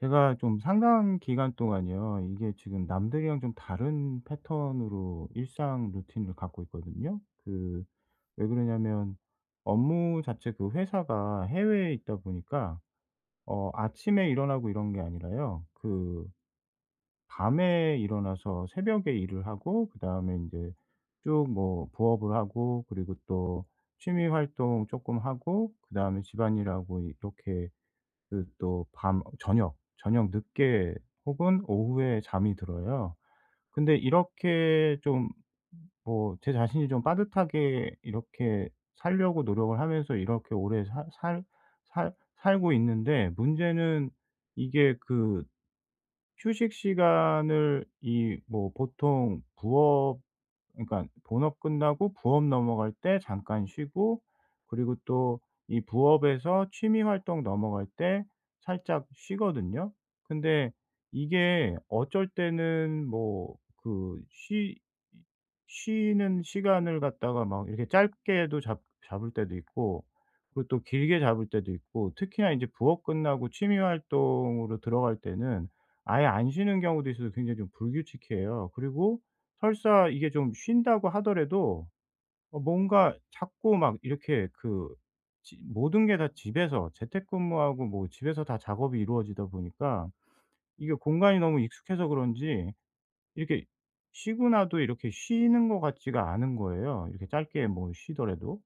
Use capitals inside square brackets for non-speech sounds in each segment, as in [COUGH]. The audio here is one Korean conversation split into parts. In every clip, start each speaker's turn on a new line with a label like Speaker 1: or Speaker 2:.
Speaker 1: 제가 좀 상당 기간 동안요. 이게 지금 남들이랑 좀 다른 패턴으로 일상 루틴을 갖고 있거든요. 그 왜 그러냐면 업무 자체도 회사가 해외에 있다 보니까 어 아침에 일어나고 이런 게 아니라요. 그 밤에 일어나서 새벽에 일을 하고 그다음에 인제 쭉 뭐 부업을 하고 그리고 또 취미 활동 쪼끔 하고 그다음에 집안일하고 이렇게 그 또 밤 어 저녁, 저녁 늦게 혹은 오후에 잠이 들어요. 근데 이렇게 좀 뭐 제 자신이 좀 빠듯하게 이렇게 살려고 노력을 하면서 이렇게 오래 살 살 살 살고 있는데 문제는 이게 그 휴식 시간을 이 뭐 보통 부업 그러니깐 본업 끝나고 부업 넘어갈 때 잠깐 쉬고 그리고 또 이 부업에서 취미 활동 넘어갈 때 살짝 쉬거든요. 근데 이게 어쩔 때는 뭐 그 쉬 이 쉬는 시간을 갖다가 막 이렇게 짧게도 잡 잡을 때도 있고 그리고 또 길게 잡을 때도 있고 특히나 인제 부업 끝나고 취미 활동으로 들어갈 때는 아예 안 쉬는 경우도 있어서 굉장히 좀 불규칙해요. 그리고 설사 이게 좀 쉰다고 하더라도 어 뭔가 자꾸 막 이렇게 그 지 모든 게 다 집에서 재택근무하고 뭐 집에서 다 작업이 이루어지다 보니까 이게 공간이 너무 익숙해서 그런지 이렇게 쉬고 나도 이렇게 쉬는 것 같지가 않은 거예요 이렇게 짧게 뭐 쉬더라도.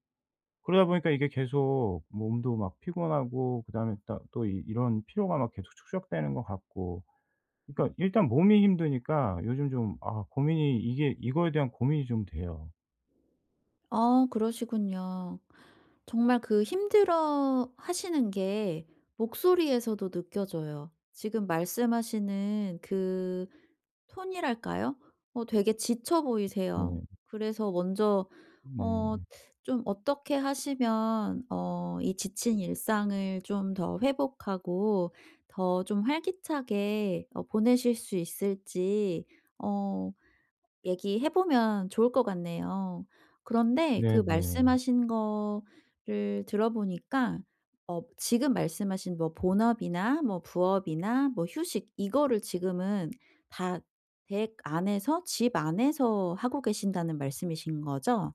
Speaker 1: 그러다 보니까 이게 계속 몸도 막 피곤하고 그다음에 따 또 이 이런 피로가 막 계속 축적되는 것 같고 그러니까 일단 몸이 힘드니까 요즘 좀 아 고민이 이게 이거에 대한 고민이 좀 돼요.
Speaker 2: 아 그러시군요. 정말 그 힘들어하시는 게 목소리에서도 느껴져요. 지금 말씀하시는 그 톤이랄까요? 어 되게 지쳐 보이세요.
Speaker 1: 네.
Speaker 2: 그래서 먼저 어
Speaker 1: 네.
Speaker 2: 좀 어떻게 하시면 어 이 지친 일상을 좀 더 회복하고 더 좀 활기차게 어 보내실 수 있을지 어 얘기해 보면 좋을 것 같네요. 그런데 그
Speaker 1: 네네.
Speaker 2: 말씀하신 거를 들어보니까 어 지금 말씀하신 뭐 본업이나 뭐 부업이나 뭐 휴식 이거를 지금은 다 댁 안에서 집 안에서 하고 계신다는 말씀이신 거죠?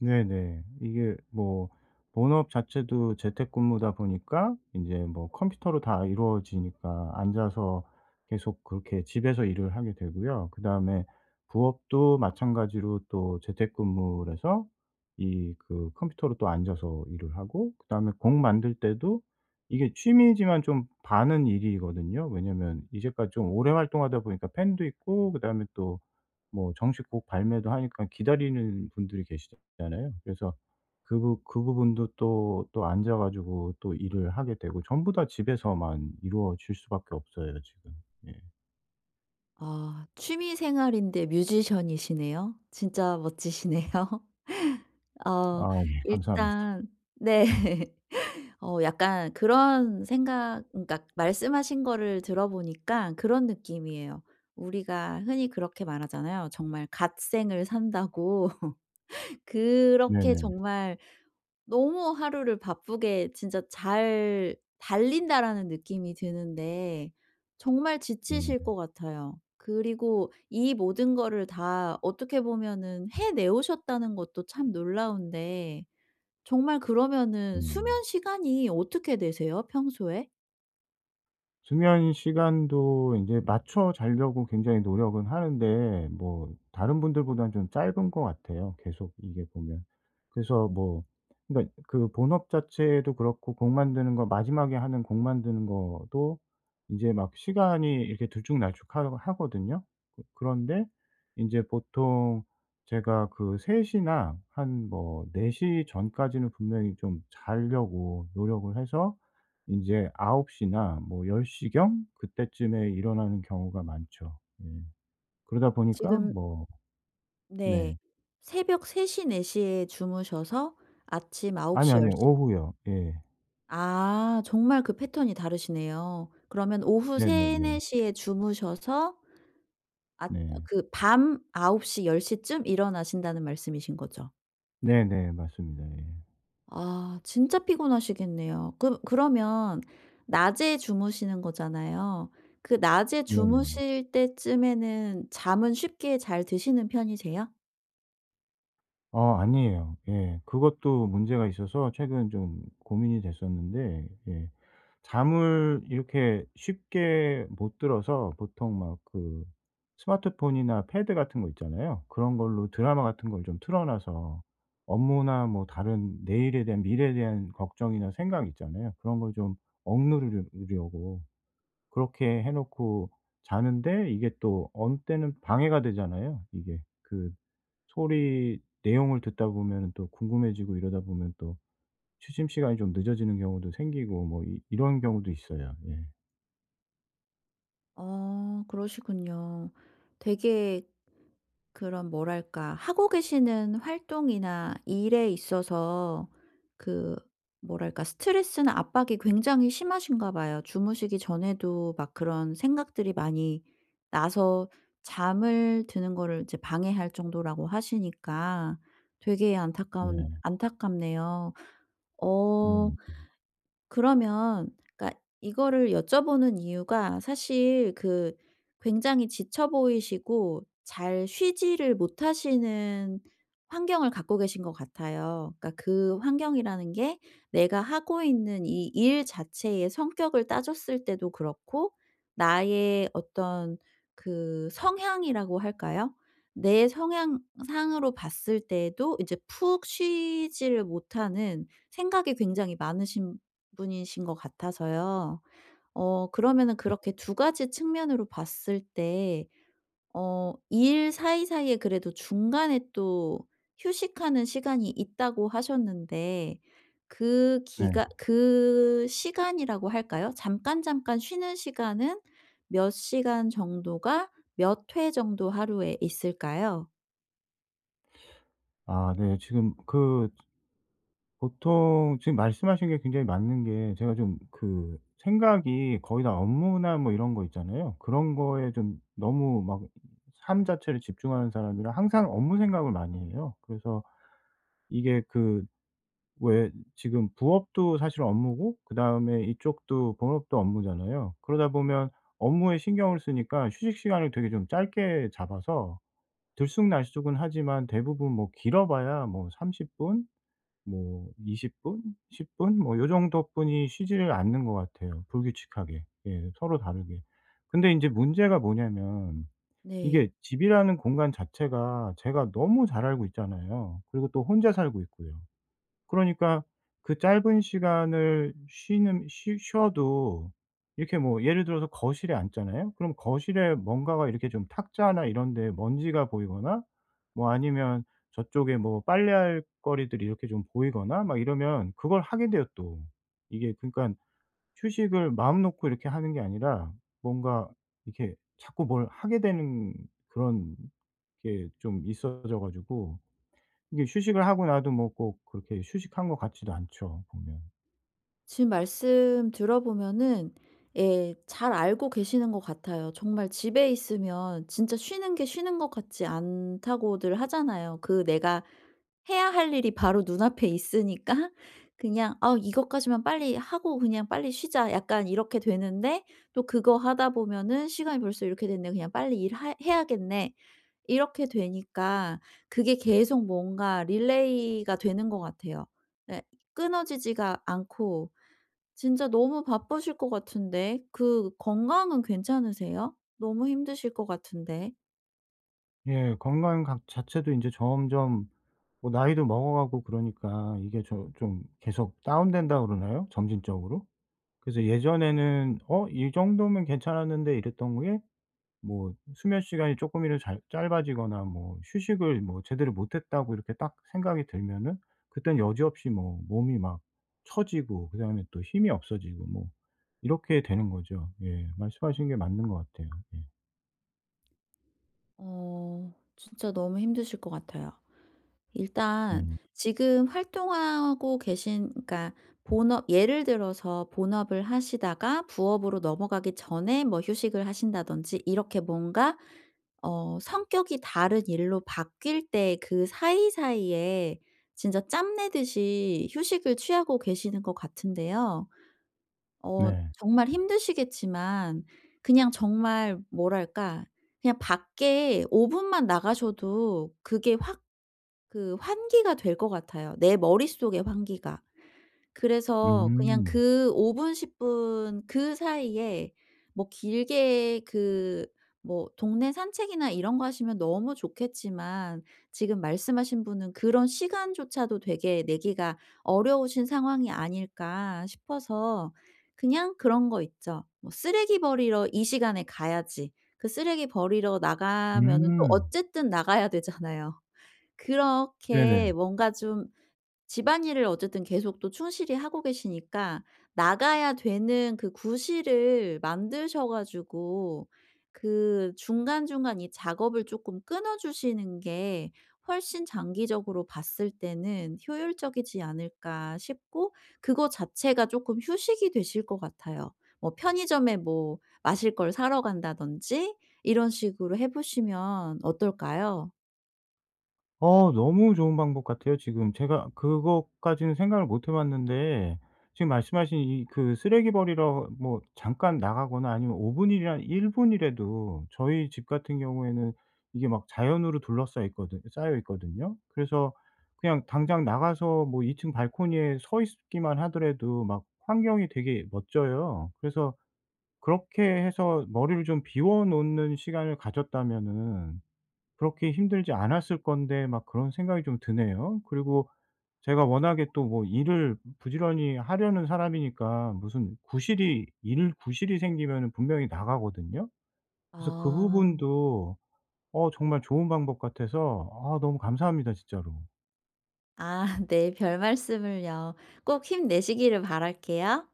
Speaker 1: 네네. 이게 뭐 본업 자체도 재택근무다 보니까 인제 뭐 컴퓨터로 다 이루어지니까 앉아서 계속 그렇게 집에서 일을 하게 되고요. 그다음에 부업도 마찬가지로 또 재택근무를 해서 이 그 컴퓨터로 또 앉아서 일을 하고 그다음에 곡 만들 때도 이게 취미지만 좀 반은 일이거든요. 왜냐면 이제까지 좀 오래 활동하다 보니까 팬도 있고 그다음에 또 뭐 정식 곡 발매도 하니까 기다리는 분들이 계시잖아요. 그래서 그 부 그 부분도 또, 또 앉아 가지고 또 일을 하게 되고 전부 다 집에서만 이루어질 수밖에 없어요 지금. 예.
Speaker 2: 아 취미생활인데 뮤지션이시네요. 진짜 멋지시네요. 어
Speaker 1: 아 예. 감사합니다.
Speaker 2: 일단 네. 어 약간 그런 생각 그러니까 말씀하신 거를 들어보니까 그런 느낌이에요. 우리가 흔히 그렇게 말하잖아요. 정말 "갓생을 산다."고. 그렇게
Speaker 1: 네네.
Speaker 2: 정말 너무 하루를 바쁘게 진짜 '잘 달린다.'라는 느낌이 드는데 정말 지치실 것
Speaker 1: 네.
Speaker 2: 같아요. 그리고 이 모든 거를 다 어떻게 보면은 해내 오셨다는 것도 참 놀라운데 정말 그러면은
Speaker 1: 네.
Speaker 2: 수면시간이 어떻게 되세요, 평소에?
Speaker 1: 수면 시간도 인제 맞춰 자려고 굉장히 노력은 하는데 뭐 다른 분들보다는 좀 짧은 것 같아요, 계속 이게 보면. 그래서 뭐 그니까 그 본업 자체도 그렇고 곡 만드는 거 마지막에 하는 곡 만드는 것도 이제 막 시간이 이렇게 들쭉날쭉하 하거든요. 그 그런데 인제 보통 제가 그 3:00 나 한 뭐 4:00 전까지는 분명히 좀 자려고 노력을 해서 인제 9:00 나 뭐 10:00 경 그때쯤에 일어나는 경우가 많죠. 예. 그러다 보니까
Speaker 2: 지금
Speaker 1: 뭐
Speaker 2: 네.
Speaker 1: 네.
Speaker 2: 새벽 3:00, 4:00 에 주무셔서 아침 아홉
Speaker 1: 아니요,
Speaker 2: 시, 열
Speaker 1: 아니요.
Speaker 2: 시
Speaker 1: 오후요. 예.
Speaker 2: 아 정말 그 패턴이 다르시네요. 그러면 오후 3-4
Speaker 1: 네네네.
Speaker 2: 시에 주무셔서 앗 어
Speaker 1: 네.
Speaker 2: 그 밤 9 시, 10 시쯤 일어나신다는 말씀이신 거죠?
Speaker 1: 네네. 맞습니다. 예.
Speaker 2: 아 진짜 피곤하시겠네요. 그므 그러면 낮에 주무시는 거잖아요. 그 낮에
Speaker 1: 네네.
Speaker 2: 주무실 때쯤에는 잠은 쉽게 잘 드시는 편이세요?
Speaker 1: 어 아니에요. 예. 그것도 문제가 있어서 최근 좀 고민이 됐었는데 예 잠을 이렇게 쉽게 못 들어서 보통 막 그 스마트폰이나 패드 같은 거 있잖아요? 그런 걸로 드라마 같은 걸 좀 틀어 놔서 업무나 뭐 다른 내일에 대한 미래에 대한 걱정이나 생각 있잖아요. 그런 걸 좀 억누르려 려고 그렇게 해 놓고 자는데 이게 또 어느 때는 방해가 되잖아요 이게. 그 소리 내용을 듣다 보면은 또 궁금해지고 이러다 보면 또 취침 시간이 좀 늦어지는 경우도 생기고 뭐 이 이런 경우도 있어요. 예.
Speaker 2: 어 그러시군요. 되게 그런 뭐랄까 하고 계시는 활동이나 일에 있어서 그 뭐랄까 스트레스나 압박이 굉장히 심하신가 봐요. 주무시기 전에도 막 그런 생각들이 많이 나서 잠을 드는 거를 이제 방해할 정도라고 하시니까 되게 안타까운
Speaker 1: 네.
Speaker 2: 안타깝네요. 어
Speaker 1: 네.
Speaker 2: 그러면 그러니까 이거를 여쭤보는 이유가 사실 그 굉장히 지쳐 보이시고 잘 쉬지를 못하시는 환경을 갖고 계신 것 같아요. 그러니까 그 환경이라는 게 내가 하고 있는 이 일 자체의 성격을 따졌을 때도 그렇고 나의 어떤 그 성향이라고 할까요? 내 성향상으로 봤을 때도 이제 푹 쉬지를 못하는 생각이 굉장히 많으신 분이신 것 같아서요. 어 그러면은
Speaker 1: 음.
Speaker 2: 그렇게 2 가지 측면으로 봤을 때 어 "일 사이사이에 그래도 중간에 또 휴식하는 시간이 있다."고 하셨는데 그
Speaker 1: 네.
Speaker 2: 기간 그 시간이라고 할까요? 잠깐잠깐 쉬는 시간은 몇 시간 정도가 몇 회 정도 하루에 있을까요?
Speaker 1: 아 네. 지금 그 보통 지금 말씀하신 게 굉장히 맞는 게 제가 좀 그 생각이 거의 다 업무나 뭐 이런 거 있잖아요. 그런 거에 좀 너무 막 삶 자체를 집중하는 사람이라 항상 업무 생각을 많이 해요. 그래서 이게 그 왜 지금 부업도 사실 업무고 그다음에 이쪽도 본업도 업무잖아요. 그러다 보면 업무에 신경을 쓰니까 휴식 시간을 되게 좀 짧게 잡아서 들쑥날쑥은 하지만 대부분 뭐 길어봐야 뭐 30 분? 뭐 20 분? 10 분? 뭐 요 정도뿐이 쉬지를 않는 것 같아요 불규칙하게. 예 서로 다르게. 근데 인제 문제가 뭐냐면
Speaker 2: 네.
Speaker 1: 이게 집이라는 공간 자체가 제가 너무 잘 알고 있잖아요. 그리고 또 혼자 살고 있고요. 그러니까 그 짧은 시간을 쉬는 쉬 쉬어도 이렇게 뭐 예를 들어서 거실에 앉잖아요? 그럼 거실에 뭔가가 이렇게 좀 탁자나 이런 데에 먼지가 보이거나 뭐 아니면 저쪽에 뭐 빨래할 거리들이 이렇게 좀 보이거나 막 이러면 그걸 하게 돼요 또. 이게 그러니깐 휴식을 마음 놓고 이렇게 하는 게 아니라 뭔가 이렇게 자꾸 뭘 하게 되는 그런 게 좀 있어져 가지고 이게 휴식을 하고 나도 뭐 꼭 그렇게 휴식한 것 같지도 않죠 보면.
Speaker 2: 지금 말씀 들어 보면은 예 잘 알고 계시는 것 같아요. 정말 "집에 있으면 진짜 쉬는 게 쉬는 것 같지 않다."고들 하잖아요. 그 내가 해야 할 일이 바로 눈앞에 있으니까 그냥 '아 이것까지만 빨리 하고 그냥 빨리 쉬자.' 약간 이렇게 되는데 또 그거 하다 보면은 '시간이 벌써 이렇게 됐네? 그냥 빨리 일 하 해야겠네?' 이렇게 되니까 그게 계속 뭔가 릴레이가 되는 것 같아요. 네 끊어지지가 않고 진짜 너무 바쁘실 것 같은데 그 건강은 괜찮으세요? 너무 힘드실 것 같은데.
Speaker 1: 예 건강 각 자체도 이제 점점 뭐 나이도 먹어 가고 그러니까 이게 저 좀 계속 다운된다고 그러나요? 점진적으로? 그래서 예전에는 '어 이 정도면 괜찮았는데.' 이랬던 게 뭐 수면 시간이 쪼끔이라도 잘 짧아지거나 뭐 '휴식을 뭐 제대로 못했다.'고 이렇게 딱 생각이 들면은 그땐 여지없이 뭐 몸이 막 처지고 그다음에 또 힘이 없어지고 뭐 이렇게 되는 거죠. 예 말씀하신 게 맞는 것 같아요. 예.
Speaker 2: 어 진짜 너무 힘드실 것 같아요. 일단
Speaker 1: 네.
Speaker 2: 지금 활동하고 계신 그러니까 본업 예를 들어서 본업을 하시다가 부업으로 넘어가기 전에 뭐 휴식을 하신다든지 이렇게 뭔가 어 성격이 다른 일로 바뀔 때 그 사이사이에 진짜 짬 내듯이 휴식을 취하고 계시는 것 같은데요. 어
Speaker 1: 네.
Speaker 2: 정말 힘드시겠지만 그냥 정말 뭐랄까 그냥 밖에 5 분만 나가셔도 그게 확 그 환기가 될 것 같아요. 내 머릿속의 환기가. 그래서 그냥
Speaker 1: 음.
Speaker 2: 그 5 분, 10 분 그 사이에 뭐 길게 그 뭐 동네 산책이나 이런 거 하시면 너무 좋겠지만 지금 말씀하신 분은 '그런 시간조차도 되게 내기가 어려우신 상황이 아닐까?' 싶어서. 그냥 그런 거 있죠. 뭐 쓰레기 버리러 이 시간에 가야지. 그 쓰레기 버리러 나가면은 또
Speaker 1: 음.
Speaker 2: 어쨌든 나가야 되잖아요. 그렇게
Speaker 1: 네네.
Speaker 2: 뭔가 좀 집안일을 어쨌든 계속 또 충실히 하고 계시니까 나가야 되는 그 구실을 만드셔 가지고 그 '중간중간 이 작업을 쪼끔 끊어 주시는 게 훨씬 장기적으로 봤을 때는 효율적이지 않을까?' 싶고 그거 자체가 쪼끔 휴식이 되실 것 같아요. 뭐 편의점에 뭐 마실 걸 사러 간다든지 이런 식으로 해 보시면 어떨까요?
Speaker 1: 어 너무 좋은 방법 같아요 지금. 제가 그것까지는 생각을 못 해 봤는데 지금 말씀하신 이 그 쓰레기 버리러 뭐 잠깐 나가거나 아니면 5 분 일이나 1 분이라도 저희 집 같은 경우에는 이게 막 자연으로 둘러싸여 있거든 싸여 있거든요. 그래서 그냥 당장 나가서 뭐 2 층 발코니에 서 있기만 하더라도 막 환경이 되게 멋져요. 그래서 그렇게 해서 머리를 좀 비워 놓는 시간을 가졌다면은 그렇게 힘들지 않았을 건데 막 그런 생각이 좀 드네요. 그리고 제가 워낙에 또 뭐 일을 부지런히 하려는 사람이니까 무슨 구실이 일 구실이 생기면은 분명히 나가거든요. 그래서 그
Speaker 2: 아.
Speaker 1: 부분도 어 정말 좋은 방법 같아서 아 너무 감사합니다 진짜로.
Speaker 2: 아 [LAUGHS] 네. 별말씀을요. 꼭 힘내시기를 바랄게요.